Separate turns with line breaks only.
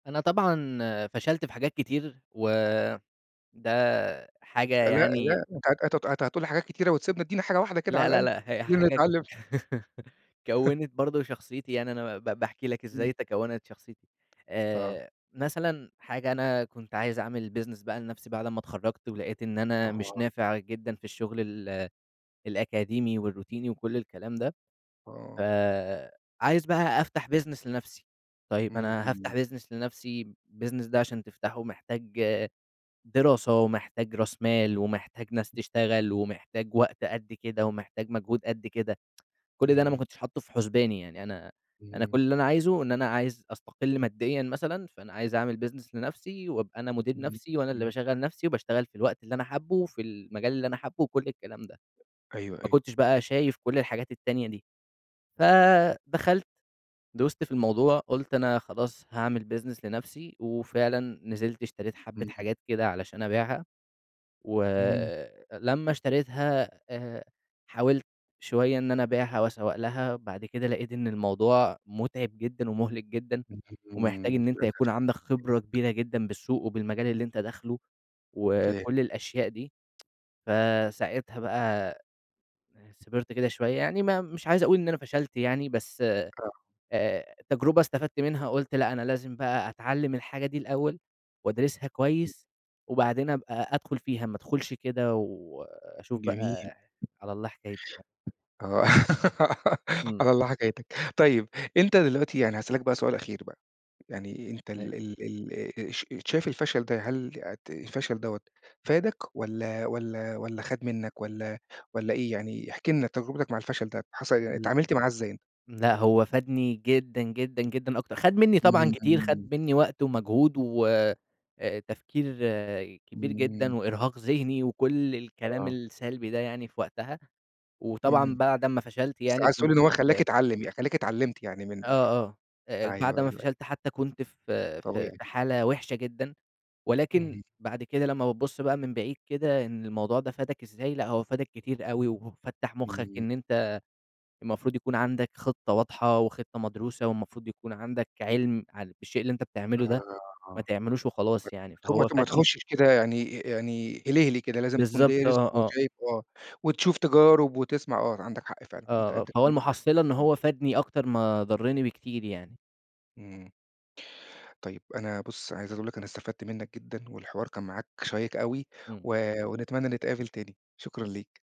أنا طبعًا فشَلت في حاجات كتير و ده حاجة
أ لأ
يعني
لأ أنت هت هت هتقول لي حاجات كتيرة وتسيبنا، ادّينا حاجة واحدة كده على
لأ، لأ،
الأقل،
لأ هي
خلّينا
حاجة
نتعلم ف
كوّنت برضه شخصيتي، يعني أنا ب باحكي لك
إمم.
إزاي تكوّنت شخصيتي
آه.
آآ مثلًا حاجة أنا كنت عايز أعمل business بقى لنَفْسي بعد أما اتخرّجت، ولقيت إن أنا مش
آه.
نافع جدًا في الشغل ال الأكاديمي، والروتيني وكُلّ الكلام ده. ف
آه.
عايز بقى أفتَح business لنَفْسي، طيب أنا
اهم.
هافتَح business لنَفْسي، الbusiness ده عشان تفتحه محتاج دراسة، ومحتاج راس مال، ومحتاج ناس
[unintelligible]
تشتغل، ومحتاج وقت قد كده، ومحتاج مجهود قد كده كُلّ ده أنا ما
اهم.
كنتش حاطه في حُسباني يعني أنا أنا كُلّ
إمم.
اللي أنا عايزه إن أنا عايز أستقلّ ماديًا مثلًا، فأنا عايز أعمل business لنَفْسي، وأبقى أنا مدير
إمم
نَفْسي، وأنا اللي
إمم.
باشغّل نَفْسي، وباشتغل في الوقت اللي أنا حابه، وفي المجال اللي أنا حابه وكُلّ الكلام ده
أيوه
ما
أيوه.
كنتش بقى شايف كُلّ الحاجات التانية دي، فدخَلت دُست في الموضوع، قُلت أنا خلاص هاعمل business لنَفْسي، وفعلًا نزِلت اشتريت حبّة
إمم.
حاجات كده علشان أبيعها، و
إمم.
لمّا اشتريتها آآ حاولت شوية إن أنا أبيعها وأسوّق لها، بعد كده لقيت إن الموضوع متعب جدًا، ومُهلك جدًا،
اهم
ومحتاج إن أنت يكُون عندك خبرة
[unintelligible]
كبيرة جدًا بالسوق وبالمجال اللي أنت داخله،
فاهم.
وكُلّ الأشياء دي. فساعتها بقى [unintelligible] صِبرت كده شوية يعني ما مش عايز أقول إن أنا فشَلت يعني بس آآ
آه.
التجربة استفدت منها قُلت لأ، أنا لازم بقى أتعلّم الحاجة دي الأول، وأدرسِها
إمم.
كويس، وبعدين أبقى أدخُل فيها، ما أدخُلش كده وأشوف
جميل.
بقى على الله حكايتي يعني.
آه
إمم.
على الله حكايتك، طيب أنت دلوقتي يعني هاسألك بقى سؤال أخير بقى، يعني أنت
أي
ال ال آآ ش شايف الفشل ده هل ت الفشل دَوَّة فَادك والّا والّا والّا خَد منك، والّا والّا إيه؟ يعني احكِ لنا تجربتك مع الفشل ده حصَل يعني
[unintelligible]
اتعاملت معاه إزاي؟
لأ هو فادني جدًا جدًا جدًا أكتر خَد مني طبعًا
إمم
كتير،
إمم.
خَد منّي وقت ومجهود، و أ تفكير كبير جدًا،
إمم.
وإرهاق ذهني وكُلّ الكلام
آه.
السلبي ده يعني في وقتها، وطبعًا
إمم.
بعد أمّا فشَلت
بس
يعني
عايز تقول لي
كنت
إن هو خلّاك
في
اتعلّم ي خلّاك اتعلمت يعني منه
آه،
يعني؟
آه. أ أ بعد
أيوه،
أمّا
أيوه، أيوه.
فشَلت حتى كنت في في
طبيعي.
في حالة وحشة جدًا، ولكن
اهم.
بعد كده لمّا بابص بقى من بعيد كده، إن الموضوع ده فَادك إزاي، لأ هو فَادك كتير أوي، وفتّح مُخك
إمم.
إن أنت المفروض يكُون عندك خطة واضحة، وخطة مدروسة، والمفروض يكُون عندك عِلم ع بالشيء اللي أنت بتعمله ده،
[unintelligible]
ما
آه
تعملوش وخلاص
ما
يعني،
ت ما
فهو
ت ما
فادني
تخشش كده يعني يعني هلهلي كده يعني لازم تكُون
بالضبط. آه،
دارس،
آه.
وشايف آه، وتشوف تجارب وتسمَع آه عندك حق فعلًأ أنت
آه، آه
أنت
فهو
كلامك صح.
المحصّلة إن
إمم.
هو فَادني أكتر ما ضرني بكتير يعني.
إمم. طيب أنا بُص عايز أقول لك أنا استفدت منك جدًا، والحوار كان معاك شيق أوي
إمم.
و ونتمنى نتقابل تاني. شكرًا ليك.